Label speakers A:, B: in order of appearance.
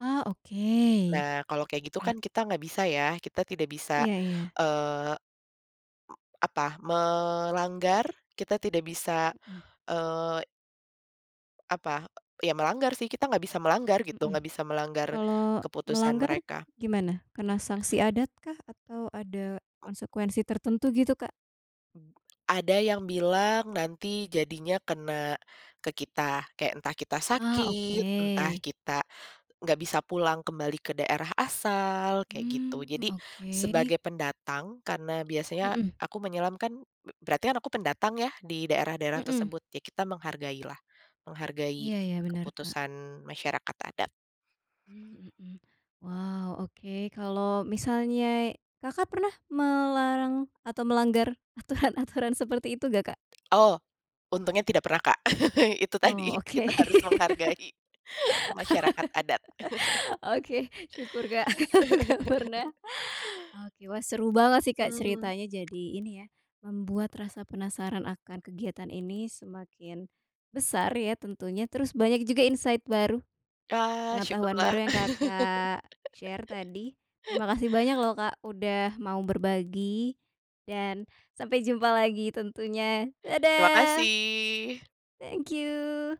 A: Ah oke.
B: Nah kalau kayak gitu
A: Pah
B: kan kita gak bisa ya, kita tidak bisa,
A: Iya iya.
B: eee, m apa, melanggar, kita tidak bisa,
A: Mmm.
B: eee Apa, eee, ya melanggar sih, kita gak bisa melanggar gitu, gak
A: Mhm.
B: bisa melanggar
A: Kalau
B: keputusan
A: melanggar
B: mereka.
A: gimana? Kena sanksi adat kah? Atau ada konsekuensi tertentu gitu Kak?
B: Mmm, ada yang bilang nanti jadinya kena, ke kita. Kek entah kita
A: Ah
B: sakit, entah
A: oke.
B: kita, gak bisa pulang kembali ke daerah asal, kayak gitu.
A: Mmm
B: Jadi,
A: oke.
B: sebagai pendatang, karena biasanya
A: Mhm.
B: aku menyelam kan b berarti kan aku pendatang ya di daerah-daerah
A: Mmm.
B: tersebut. Ya kita menghargai lah, menghargai
A: Iya iya bener Kak.
B: keputusan masyarakat adat.
A: Mmm, mhm. Wow, oke kalo misalnya Kakak pernah melarang atau melanggar aturan-aturan seperti itu gak Kak?
B: Oh, untungnya tidak pernah Kak. Itu tadi
A: Oh oke.
B: kita harus menghargai masyarakat adat.
A: Oke syukur Kak, gak pernah. Oke wah seru banget sih Kak
B: Mmm.
A: ceritanya jadi ini ya, membuat rasa penasaran akan kegiatan ini semakin, besar ya tentunya, terus banyak juga insight baru,
B: Ah
A: pengetahuan
B: syukurlah.
A: baru yang Kakak share tadi. Terima kasih banyak loh Kak udah mau berbagi dan sampai jumpa lagi tentunya,
B: Terima
A: dadah!
B: kasih.
A: Thank you.